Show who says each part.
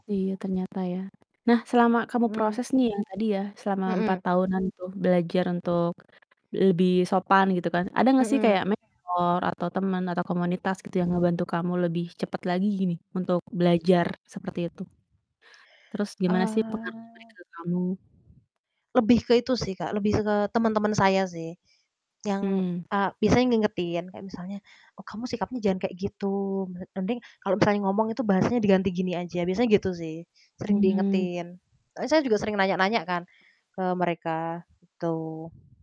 Speaker 1: Iya, ternyata ya. Nah, selama kamu
Speaker 2: Mhm.
Speaker 1: proses nih yang tadi ya, selama 4
Speaker 2: Mhm.
Speaker 1: tahunan itu, belajar untuk lebih sopan gitu kan. Ada nggak sih
Speaker 2: Mhm.
Speaker 1: kayak mentor atau temen atau komunitas gitu, yang ngebantu kamu lebih cepet lagi gini, untuk belajar seperti itu. Terus gimana sih pengaruh
Speaker 2: Ah.
Speaker 1: mereka ke kamu?
Speaker 2: Lebih ke itu sih, Kak, lebih ze ke teman-teman saya sih. Yang,
Speaker 1: Mmm.
Speaker 2: eee, biasanya ngingetin, kayak misalnya, "Oh, kamu sikapnya jangan kayak gitu, mlet mending kalau misalnya ngomong itu bahasanya diganti gini aja." Biasanya gitu sih, sering
Speaker 1: Hmm.
Speaker 2: diingetin. E saya juga sering nanya-nanya kan ke mereka, gitu.